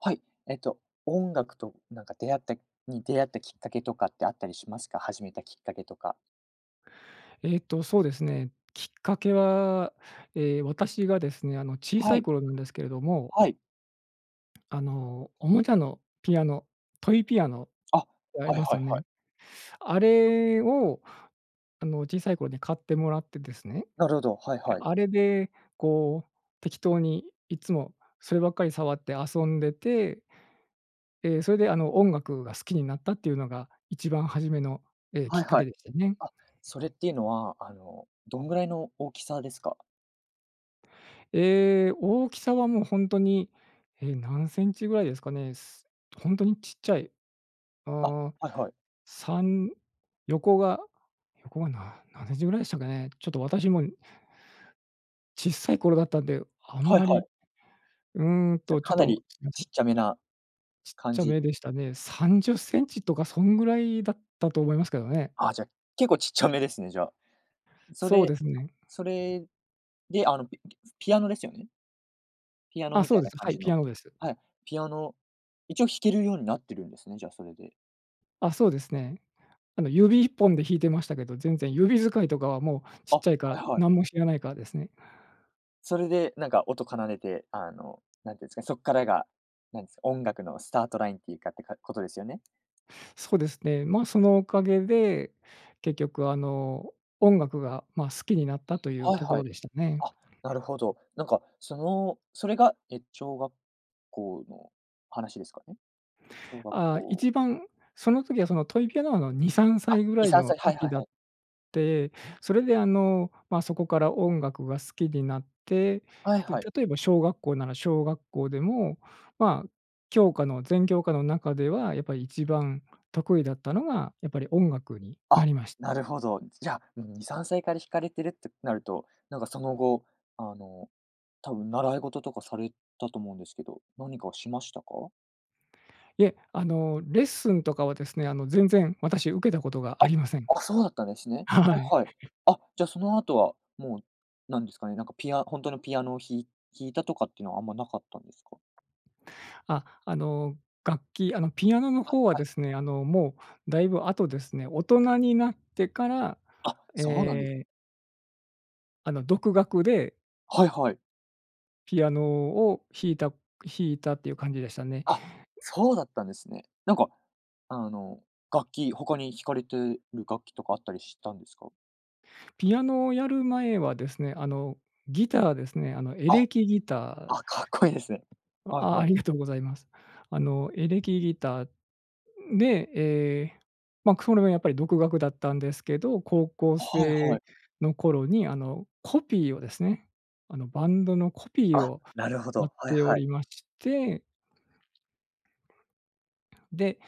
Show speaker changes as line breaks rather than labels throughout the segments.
はい、えっと、音楽となんか出会った、に出会ったきっかけとかってあったりしますか、始めたきっかけとか？
えっとそうですね。きっかけは、え、私がですね、あの小
は
さい
い。
頃なんですけれども。
はい。
あのおもちゃのピアノトイピアノっ
あ、
てあり
はい
ます
は
よ
いはい。
ね。あれをあの小さい頃に買ってもらってですね、
なるほど、はい
で、
はい。
あれでこう適当にいつもそればっかり触って遊んでてえ、それであの音楽が好きになったっていうのが一番初めの、え、き
は
っ
い
か
は
け
い。
でしたね。
あ、それっていうのは、あの、どんぐらいの大きさですか？
え、大きさはもうほんとに、え、何センチぐらいですかね。す本当にちっちゃい、
あ、
あ、
はいはい。
3、横が、横がな何センチぐらいでしたかね。ちょっと私も。ちっさい頃だったんで、あん
はい
ま
は
り、
い。
うん
じゃ
と、ちょっ
かな
と、
り
すいませ
ちっ
ん。
ちゃめな
ちっ
感
ちゃ
じ。
めでしたね。30cmとかそんぐらいだったと思いますけどね。
あ、じゃ、結構ちっちゃめですね、じゃあ、そ
そう
れ、
ですね。
それであのピピピアノですよね？ピアノ
あ、
み
そ
た
う
い
で
な
す。
感
はい、
じ
ピ
の。
アノです。
はい。ピアノ、一応弾けるようになってるんですね、じゃあそれで。
あ、そうですね。あの指一本で弾いてましたけど、全然指使いとかはもうち
あ、
っ
は
ちゃいから
いはい。
何も知らないからですね。
それでなんか音奏でて、あの、何て言うんですかね、そっからが、なんすか、音楽のスタートラインっていうかってことですよね。
そうですね。ま、そのおかげで、結局あの音楽が、ま、好きになったという
はい
とこ
は
ろ
い。
でしたね。
あ、なるほど。なんか、その、それが、え、小学校の話ですかね。小学
あ、
校
一番その時はそのトイピアノのにさんさ
あ、
いぐら
に
い
さん
の
さい、はい
時
はい
だっ
はい。
て、それであの、ま、そこから音楽が好きになって、
はい
で、
はい。
例えば小学校なら小学校でも、ま、教科の全教科の中ではやっぱり一番得意だったのが、やっぱり音楽にな
あ、
りまし
な
た。
るほど。じゃあ2、3歳から弾かれてるってなると、なんかその後、あの、多分習い事とかされたと思うんですけど、何かしましたか？
いえ、あのレッスンとかはですね、あの全然私受けたことがあ
あ、
りません。
あ、そうだったんですね。は
はい。
いはい。あ、じゃその後はもう、なんですかね、なんかピアほんとのピアノを弾い、弾いたとかっていうのはあんまなかったんですか？
あ、あの楽器、あのピアノの
あ、
方は
はい。
ですね、あのもうだいぶ後ですね。大人になってから、
あ、
え
そうなんです。
え。あの、独学で
はいはい。
ピアノを弾いた弾いたっていう感じでしたね。
あ、そうだったんですね。なんか、あの、楽器、他に弾かれてる楽器とかあったりしたんですか？
ピアノをやる前はですね、あの、ギターですね、あの、エ
あ、
レキギター。
あ、かっこいいですね。はい
あ
は
あ
い。
りがとうございます。あの、エレキギターで、え、ま、くそれもやっぱり独学だったんですけど、高校
はいは
生
い。
の頃に、あの、コピーをですね、あの、バンドのコピー
あ、
を
なるほ
やっ
ど、はい
てお
はい。
りましてで、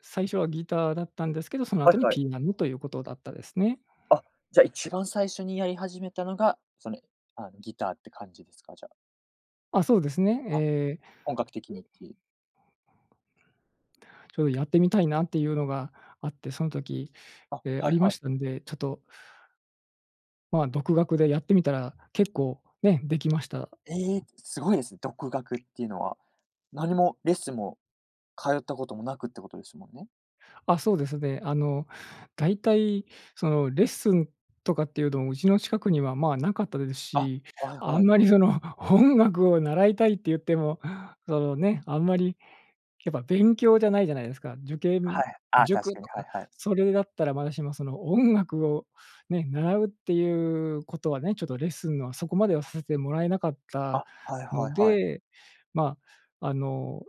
最初はギターだったんですけど、その
はい
後に
はい。
ピーナムということだったですね。
あ、じゃ、一番最初にやり始めたのが、その、あの、ギターって感じですか、じゃあ？
あ、そうですね。
あ、
ええ。
本格的にっていう。
ちょうどやってみたいなっていうのがあって、そん時、
あ、
え、あ
はい
りま
はい。
したんで、ちょっとまあ、独学でやってみたら、結構ね、できました。
ええ、すごいですね、独学っていうのは。何もレッスンも通ったこともなくってことですもんね？
あ、そうですね。あの、だいたいそのレッスンとかっていうのも、うちの近くには、まあ、なかったです
あ、
し、
はい
あ
は
ん
い。
まりその音楽を習いたいって言っても、そのね、あんまりやっぱ勉強じゃないじゃないですか。受験
はい。あ、確
塾
かに、
と
はい
か、
はい。
それだったらまだしも、その音楽をね、習うっていうことはね、ちょっとレッスンのは、そこまではさせてもらえなかった
あ、はいは
の
いはい。
で、まあ、あの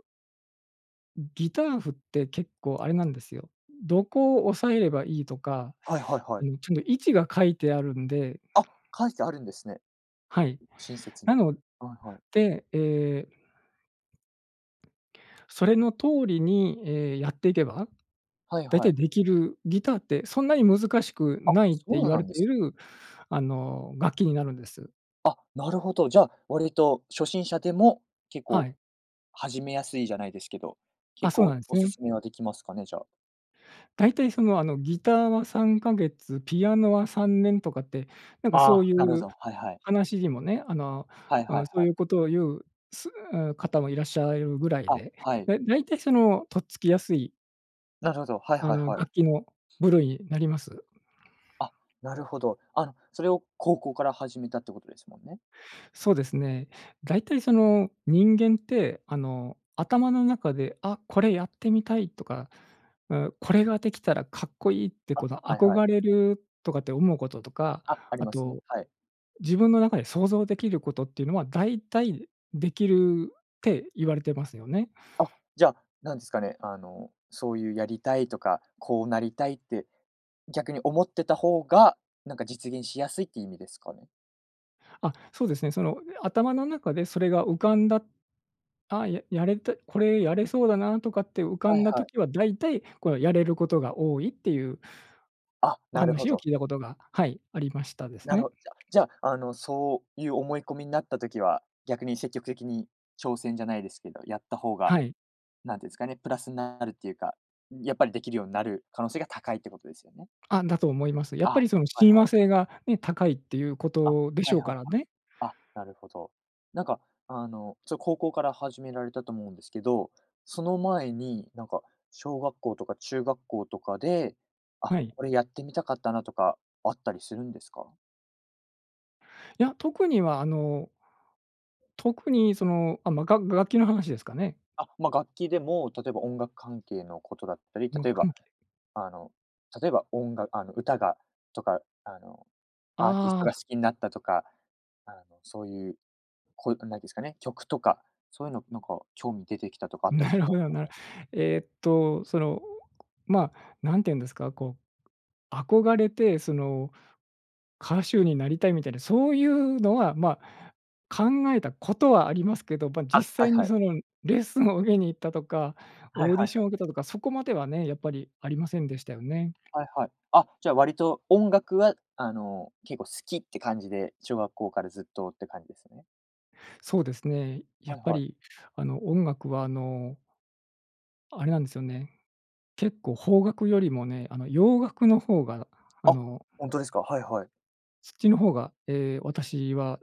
ん、ギター譜って結構あれなんですよ。どこを押さえればいいとか、
はいはいは
あ
い。
の、ちょの位置が書いてあるんで
あ、書いてあるんですね。
はい。
う親切に。
なの
はいはい。
で、ええ。それの通りにええ、やっていけば、
はい
だいた
は
い
い。
できるギターってそんなに難しく
あ、
ないっ
そ
て言
う
わ
な
れ
んで
てい
す
る、あの、楽器になるんです。
あ、なるほど。じゃあ、割と初心者でも結
は
構、
い。
始めやすいじゃないですけど、
あ、
結
そうな
構
んす
お勧
ね。
めはできますかね。じゃあ。
だいたいその、あの、ギターは3か月、ピアノは3年とかって、なんかそ
あ、
うい
なるほ
う
ど。はいはい。
話にもね、あの、
はい
う
はい
ん、そう
はい。
いうことを言う、すあ、方もいらっしゃられるぐらい
あ、
で、
はい。
で、だいたいそのとっつきやすい
なるほど、はい
あ
はい
の、
はい。
楽器の部類になります。
あ、なるほど。あ、それを高校から始めたってことですもんね。
そうですね。だいたい、その、人間って、あの、頭の中で「あ、これやってみたい」とか「う、これができたらかっこいい」って
あ、
この
はいはい。
憧れるとかって思うこととか、
あ、あり
あ
ますね。
と、
はい。
自分の中で想像できることっていうのはだいたいできるって言われてますよね。
あ、じゃ、なんすかね、あの、そういうやりたいとか、こうなりたいって逆に思ってた方が、なんか実現しやすいっていう意味ですかね？
あ、そうですね。その、頭の中でそれが浮かんだ、あ、ややれた、これやれそうだなとかって浮か
はい
んだ
はい。
時は、だいたいこれはやれることが多いっていう
あ、
お
なるほ
話を
ど。
聞いたことが、はい、ありましたです
なる
ね。
ほじゃじゃあ、あの、そういう思い込みになった時は、逆に積極的に挑戦じゃないですけど、やった方が、
はい。
なんて言うんすかね、プラスなるっていうか、やっぱりできるようになる可能性が高いってことですよね。
あ、だと思います。やっ
あ、
ぱ
は
りその
い
親
は
和
い。
性がね、高いっていうこ
あ、
とでし
はい
ょう
はいは
か
い。
らね。
あ、なるほど。なんかあの、それ高校から始められたと思うんですけど、その前になんか小学校とか中学校とかで「あ、
はい。
これやってみたかったな」とかあったりするんですか？
や、特には、あの特にその、あ、まあ、がっが楽器の話ですかね？
あ、ま、楽器でも、例えば音楽関係のことだったり、
無
例えば、
関係。
あの、例えば、おんがあの、歌がとか、あの、アーティス
あ
トが好
あ。
きになったとか、あの、そういう、こう何て言うですかね、曲とか、そういうのなんか興味出てきたとかあったり
な
し
るほ
まし
ど
たか？
な。ええっと、その、まあ、なんて言うんですか。こう、憧れて、その、歌手になりたいみたいな、そういうのは、まあ、考えたことはありますけど、ま、実
あ、はい
際
は
に
い。
そのレッスンを受けに行ったとか、
はい
オー
は
ディ
い
シ
は
ョ
い。
ンを受けたとか、そこまではね、やっぱりありませんでしたよね。
はいはい。あ、じゃ割と音楽は、あの、結構好きって感じで、小学校からずっとって感じですよね。
そうですね。や
は
っ
い
ぱ
はい。
り、あの、音楽は、あのあれなんですよね。結構邦楽よりもね、あの洋楽の方がああ
あ、
の
ほんとですか。はいはい。
そっちの方が、ええ、私は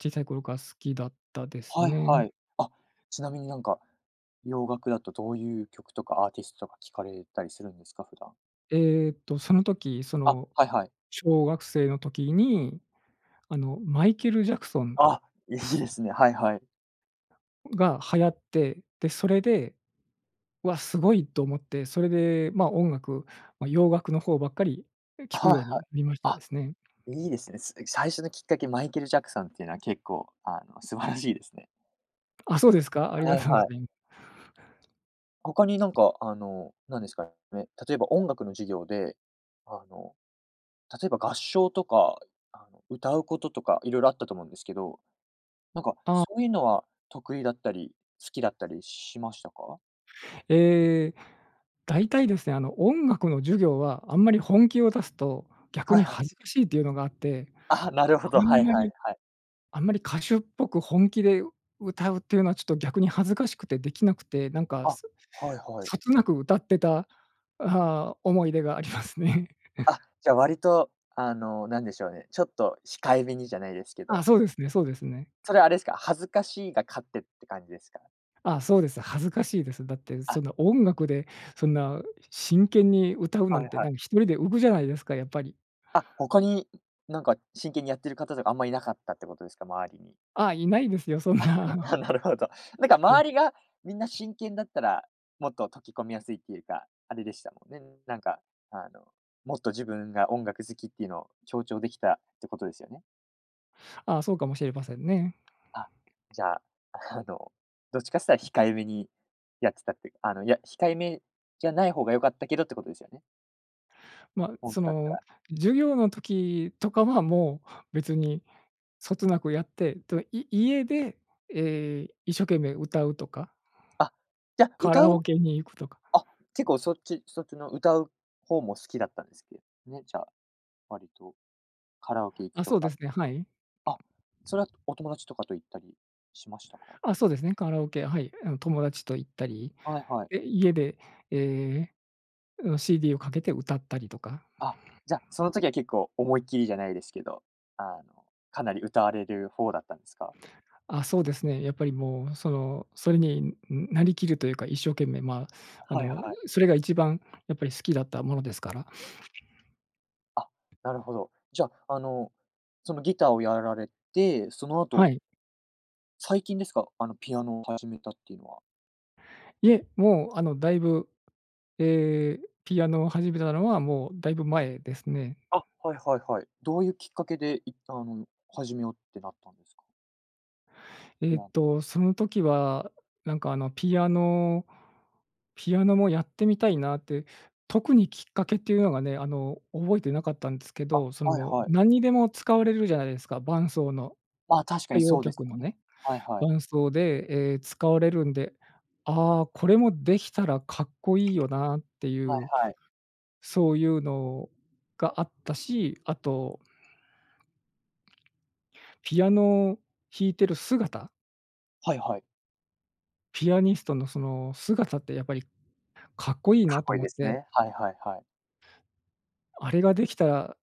小さい頃から好きだったです
はい
ね。
はい。あ、ちなみになんか、洋楽だと、どういう曲とかアーティストとか聞かれたりするんですか？普段。
ええっと、その時、そ
あ、
の、
はいはい。
小学生の時に、あの、マイケルジャクソン。
あ、いいですね。はいはい。
が流行って、で、それで「わ、すごい！」と思って、それで、ま、音楽、ま、洋楽の方ばっかり聞
は
く
いは
よう
い。
に、みましたで
あ、
すね。
いいですね。その最初のきっかけマイケルジャクソンっていうのは結構、あの、素晴らしいですね。
あ、そうですか。あり
は
が
い
とうご
はい。
ざいま
他になんか、あの、なんですかね、例えば音楽の授業で、あの、例えば合唱とか、あの、歌うこととか色々あったと思うんですけど、なか、
あ
そういうのは得意だったり、好きだったりしましたか？
ええ、だいたいですね、あの音楽の授業はあんまり本気を出すと逆
はい
に
はい。
恥ずかしいというのがあって、
あ、なるほ
あ
ど、
ん
はい
ま
はい
り
はい。
あんまり歌手っぽく本気で歌うっていうのはちょっと逆に恥ずかしくてできなくて、なんか
あ、
そ
はいはい。
そつなく歌ってた、ああ、思い出がありますね。
あ、じゃ、割と、あの、なんでしょうね、ちょっと控えめにじゃないですけ
あ、
ど
そうですねそうですね。
それはあれすか、恥ずかしいが勝ってって感じですか。
あ、そうです。恥ずかしいです。だってそ
あ
んな音楽でそんな真剣に歌うな
は
ん
い
て、
は
な
い。
んか一人で浮くじゃないですか、やっぱり。
あ、他に何か真剣にやってる方とかあんまいなかったってことですか、周りに？
あ、いないですよ、そんな。
なるほど。なんか
お
周りがみんな真剣だったら、もっと溶き込みやすいっていうか、あれでしたもんね。なんかあのもっと自分が音楽好きっていうのを強調できたってことですよね？
あ、そうかもしれませんね。
あ、じゃあ、あの、どっちかつったら控えめにやってたっていう、あの、いや、控えめじゃない方が良かったけどってことですよね。
ま、
ほん
そ
とだった
の
ら。
授業の時とかは、もう別にそつなくやって、と、い家で、え、一生懸命歌うとか。
あ、じゃ、
カ
歌
ラ
う
オケに行くとか。
あ、結構そっちそっちの歌う方も好きだったんですけね、じゃあ、わりとカラオケ行く
あ、
と
そうで
か。
すね、はい。
あ、それはお友達とかと行ったりしましたか？う
あ、
ん。
そうですね。カラオケ、はい、え、あの、友達と行ったり、
はいはい。
え、家で、ええ、う、CD をかけて歌ったりとか。
あ、じゃ、その時は結構思いっきりじゃないですけど、あの、かなり歌われる方ほうだったんすか？
あ、そうですね。やっぱりもう、その、それに、んん、なりきるというか、一生懸命ま、あ
はい
の、
はい。
うそれが一番やっぱり好きだったものですから。
あ、なるほど。じゃ、あの、そのギターをやられて、その
は
後
い。
最近ですか？あの、ピアノを始めたっていうのは。
いえ、もう、あの、だいぶ、ええ、ピアノを始めたのはもうだいぶ前ですね。
あ、はいはいはい。どういうきっかけで、いったん、始めようってなったんですか？
え
い
っ
や。
と、その時は、なんか、あの、ピアノピアノもやってみたいなって。特にきっかけっていうのがね、あの、覚えてなかったんですけ
あ、
ど、そ
はい
の、
はい。
何にでも使われるじゃないですか、伴奏の。
まあ、確か
歌
に
謡
そうです
曲
よ
の
ね。
ね、
はいはい。
伴奏で、ええ、使われるんで、ああ、これもできたらかっこいいよなってい
はい
う、
はい。
そういうのがあったし、あとピアノを弾いている姿。
はいはい。
ピアニストの、その姿ってやっぱりかっこいい
か
な
っ
と
こいい
思っ
です
て。
ね。はいはいはい。
あれができたら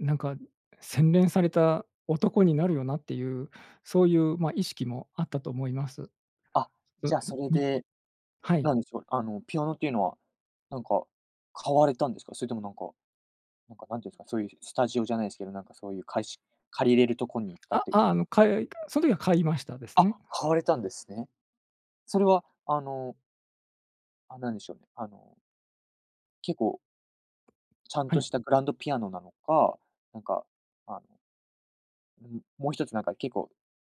う、なんか、洗練された男になるよなっていう、そういう、ま、意識もあったと思います。
あ、
う
じ
ん。
ゃあ、それ
み
で、
はい。
何でしょう、あの、ピアノっていうのは、なんか、買われたんですか？それともなんか、なんか何て言うんですか、そういう、スタジオじゃないですけど、なんか、そういう、かえし借りれるところに行ったっ
あ、
て
ああ
こ
の、かよいその時は買いましたです
あ、
ね。
買われたんですね。それは、あのあ、なんでしょうね、あの結構ちゃん
は
と
い。
したグランドピアノなのか、なんか、あのなむもう一つなんか結構、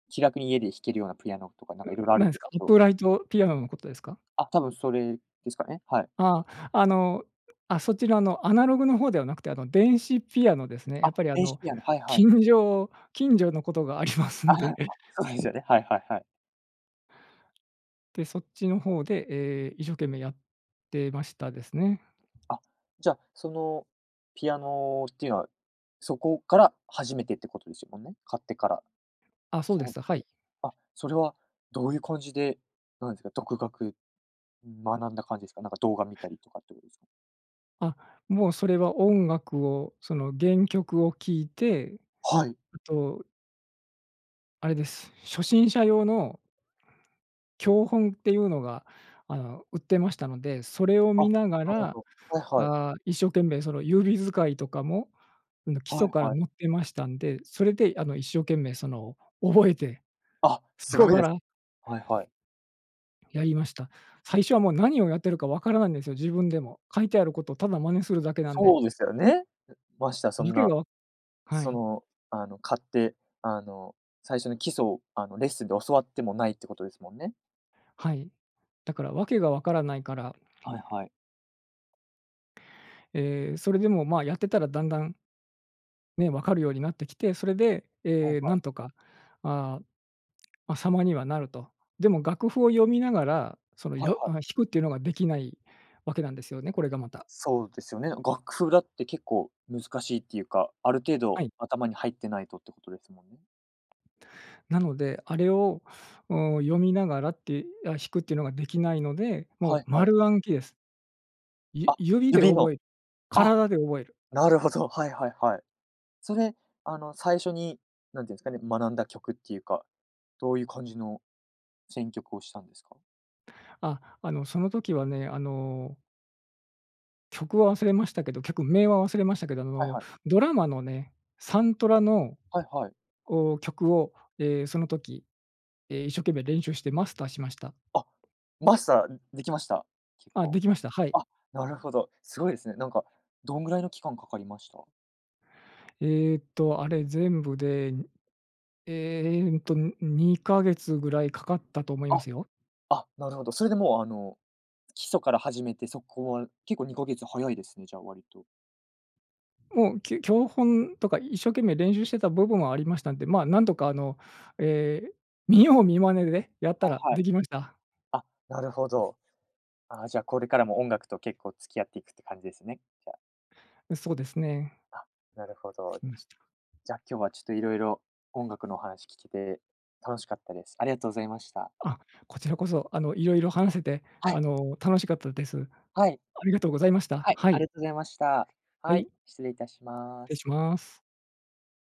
気楽に家で弾けるようなピアノとかなん
うん、
か色々あるん
何す
です
か？
け
イッ
ど。
プライトピアノのことですか？
あ、多分それですかね、はい。
ああ、あの、あ、そちらのアナログの方ではなくて、あの、電子ピアノですね。や
あ、
っぱりあ
電子
の、
ピアノ。はいはい。
近所近所のことがあります
あ、
ん
やっ
で。
ぱ、そうですよね。はいはいはい。
で、そっちの方で、ええ、一生懸命やってましたですね。
あ、じゃ、そのピアノっていうのは、そこから初めてってことですもんね、買ってから。
あ、そうで
そ
す。は
う、で、
い。
あ、それはどういう感じで、なんすか、独学、学んだ感じですか？なんか動画見たりとかっていうすか？
あ、もうそれは音楽を、その原曲を聴いて、
はい。
あとあれです。初心者用の教本っていうのが、あの、売ってましたので、それを
あ、
見
な
なが
る
ら、
ほど。はいはい。
ああ、一生懸命その指使いとかも、うん、が基
は
礎
い
から
はい。
載ってましたんで、それであの、一生懸命、その覚えて、
あ、
そ
す
こ
ごい
か
です。
ら
はいはい。
やりました。最初はもう何をやってるか分からなんですよ、自分でも。書いてあることをただ真似するだけなんで。
そうですよね。う、ましてや
あ
そん
ずけ
な、
がは
そ
い。
の、あの、買って、あの、最初の基礎を、あの、レッスンで教わってもないってことですもんね。
はい。だからわけがわからないから。
はいはい。
え、それでも、まあ、やってたらだんだんね、分かるようになってきて、それで、
はい
え、
は
な
い。
んとか、あ、ま、様にはなると。でも楽譜を読みながら、その
はい
よ
はい。
あ、弾くっていうのができないわけなんですよね、これがまた。
そうですよね、楽譜、だって結構難しいっていうか、ある程
は
度
い。
頭に入ってないとってことですもんね。
なので、あれを、お、読みながらって、や、弾くっていうのができないので、も
は
う
いはい。
丸暗記です。ゆ
あ、
指で
指の、
覚え
あ、
体で覚える。
なるほど、はいはいはい。それ、あの、最初に何て言うんすかね、学んだ曲っていうか、どういう感じの選曲をしたんですか？
あ、あの、その時はね、あの曲は忘れましたけど、曲名は忘れましたけど、あ
はい
の、
はい。
ドラマのね、サントラの
はいはい。
こう曲を、え、その時、え、一生懸命練習してマスターしました。
あ、マスター、ん、できました？結
あ、
構。
できました。はい。
あ、なるほど。すごいすね。なんかどんぐらいの期間かかりました？
えっと、あれ全部で、ん、えっと、2か月ぐらいかかったと思いま
あ。
すよ。
あ、なるほど。それでもう、あの、基礎から始めてそこは結構2か月早いですね、じゃあ、割と。
もう、きゅ教本とか一生懸命練習してた部分はありましたんで、まあ、なんとかあの、え、見よう見真似でやった
はい
ら
は
で
い。
きました。
あ、なるほど。あ、じゃあ、これからも音楽と結構付き合っていくって感じですね、じゃ。
う、そうですね。
あ、なるほど。
きました。
じゃ、今日はちょっと色々音楽の話聞けて楽しかったです。ありがとうございました。
あ、こちらこそ、あの、いろいろ話せて、
は
あ
い。
の、楽しかったです。
はい。
ありがとうございました。
はい、
は
あり
い。
がとうございました。
は
はい、
い。
失礼いたしま
て
す。
します。